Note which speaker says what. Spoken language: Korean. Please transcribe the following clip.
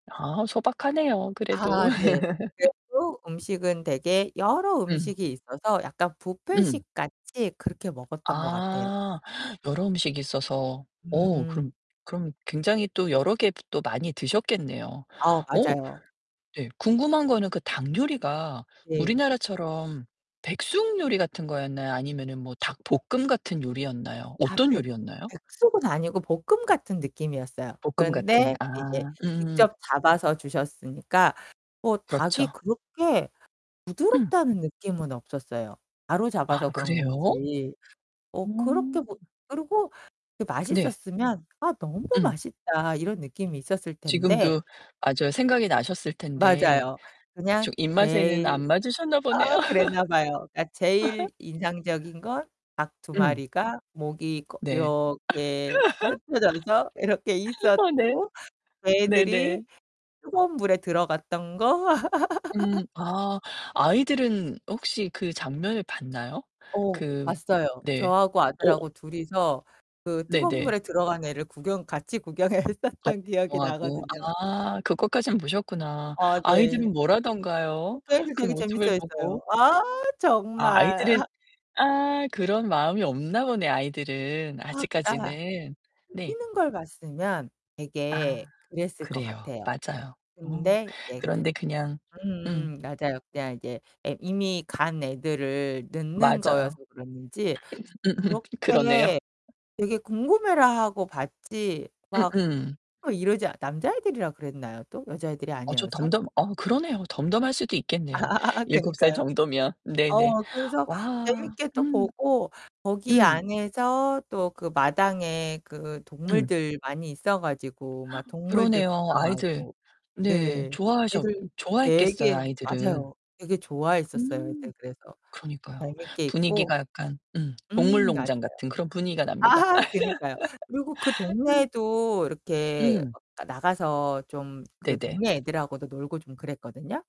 Speaker 1: 아, 소박하네요, 그래도.
Speaker 2: 아 네. 외국 음식은 되게 여러
Speaker 1: 음.
Speaker 2: 음식이 있어서 약간
Speaker 1: 음.
Speaker 2: 뷔페식같이 그렇게 먹었던 것 같아요.
Speaker 1: 아 여러 음식이 있어서. 오
Speaker 2: 음음.
Speaker 1: 그럼, 그럼 굉장히 또 여러 개 또 많이 드셨겠네요.
Speaker 2: 아,
Speaker 1: 오
Speaker 2: 맞아요.
Speaker 1: 네 궁금한 거는 그 닭 요리가
Speaker 2: 네.
Speaker 1: 우리나라처럼 백숙 요리 같은 거였나요 아니면은 뭐 닭볶음 같은 요리였나요?
Speaker 2: 아
Speaker 1: 어떤
Speaker 2: 백
Speaker 1: 요리였나요?
Speaker 2: 백숙은 아니고 볶음 같은 느낌이었어요.
Speaker 1: 볶음 같은.
Speaker 2: 그런데 이제
Speaker 1: 아 음음.
Speaker 2: 직접 잡아서 주셨으니까 뭐 닭이
Speaker 1: 그렇죠.
Speaker 2: 그렇게
Speaker 1: 음.
Speaker 2: 부드럽다는 느낌은 없었어요. 바로 잡아서
Speaker 1: 아
Speaker 2: 그런
Speaker 1: 그래요?
Speaker 2: 건지.
Speaker 1: 어.
Speaker 2: 어 그렇게 뭐 그리고 그게
Speaker 1: 네.
Speaker 2: 맛있었으면 '아 너무
Speaker 1: 음.
Speaker 2: 맛있다.' 이런 느낌이 있었을 텐데
Speaker 1: 지금도 맞아요 생각이 나셨을 텐데
Speaker 2: 맞아요. 그냥
Speaker 1: 좀 입맛에는
Speaker 2: 제일
Speaker 1: 안 맞으셨나 보네요.
Speaker 2: 아 그랬나 봐요. 그러니까 제일 인상적인 건 닭 2
Speaker 1: 음.
Speaker 2: 마리가 목이 꺼
Speaker 1: 네.
Speaker 2: 이렇게 흩어져서 이렇게
Speaker 1: 어 네.
Speaker 2: 있었고 그 애들이
Speaker 1: 네네.
Speaker 2: 뜨거운 물에 들어갔던 거?
Speaker 1: 음 아 아이들은 혹시 그 장면을 봤나요?
Speaker 2: 어,
Speaker 1: 그
Speaker 2: 봤어요.
Speaker 1: 네.
Speaker 2: 저하고
Speaker 1: 어
Speaker 2: 아들하고 둘이서 그 뜨거운
Speaker 1: 네네.
Speaker 2: 물에 들어간 애를 구경 같이 구경을
Speaker 1: 같이
Speaker 2: 했었던 기억이
Speaker 1: 구경하고.
Speaker 2: 나거든요.
Speaker 1: 아 그것까진 보셨구나.
Speaker 2: 어 네.
Speaker 1: 아이들은
Speaker 2: 어
Speaker 1: 뭐라던가요?
Speaker 2: 걔네들
Speaker 1: 그
Speaker 2: 되게 재밌어
Speaker 1: 모습을
Speaker 2: 했어요.
Speaker 1: 보고.
Speaker 2: 아
Speaker 1: 아
Speaker 2: 정말
Speaker 1: 아이들은
Speaker 2: 하
Speaker 1: 아 그런 마음이 없나 보네, 아이들은
Speaker 2: 아 그니까
Speaker 1: 아직까지는.
Speaker 2: 그
Speaker 1: 네.
Speaker 2: 뛰는 걸 봤으면 되게
Speaker 1: 아.
Speaker 2: 그랬을 것
Speaker 1: 그래요.
Speaker 2: 같아요.
Speaker 1: 맞아요. 어.
Speaker 2: 근데 이제
Speaker 1: 그런데 그냥 음.
Speaker 2: 음 맞아요. 그냥 이제 애 이미 간 애들을 넣는
Speaker 1: 맞아요.
Speaker 2: 거여서 그랬는지
Speaker 1: 음음 그러네요.
Speaker 2: 그렇게 되게 궁금해라 하고 봤지 막
Speaker 1: 음음.
Speaker 2: 막 이러지 남자애들이라 그랬나요? 또 여자애들이
Speaker 1: 어 저
Speaker 2: 아니어서?
Speaker 1: 덤덤 어 그러네요. 덤덤할 수도
Speaker 2: 아
Speaker 1: 있겠네요. 7 살
Speaker 2: 그니까요.
Speaker 1: 정도면. 네네.
Speaker 2: 어 그래서
Speaker 1: 와,
Speaker 2: 재밌게 또
Speaker 1: 음.
Speaker 2: 보고 거기
Speaker 1: 음.
Speaker 2: 안에서 또 그 마당에 그
Speaker 1: 음.
Speaker 2: 동물들 많이 있어 가지고 막 동물들
Speaker 1: 그러네요. 아이들
Speaker 2: 구경하고
Speaker 1: 네,
Speaker 2: 네.
Speaker 1: 좋아하셨
Speaker 2: 애들
Speaker 1: 좋아했겠어요,
Speaker 2: 되게
Speaker 1: 아이들은.
Speaker 2: 맞아요. 되게 좋아했었어요.
Speaker 1: 음.
Speaker 2: 이제 그래서
Speaker 1: 그러니까요.
Speaker 2: 재밌게 있고
Speaker 1: 분위기가 약간 음 동물
Speaker 2: 음 맞아요.
Speaker 1: 농장 같은 그런 분위기가 납니다.
Speaker 2: 아 그니까요. 그리고 그
Speaker 1: 음.
Speaker 2: 동네에도 이렇게
Speaker 1: 음.
Speaker 2: 그 나가서 좀 그
Speaker 1: 네네.
Speaker 2: 동네 애들하고도 놀고 좀 그랬거든요?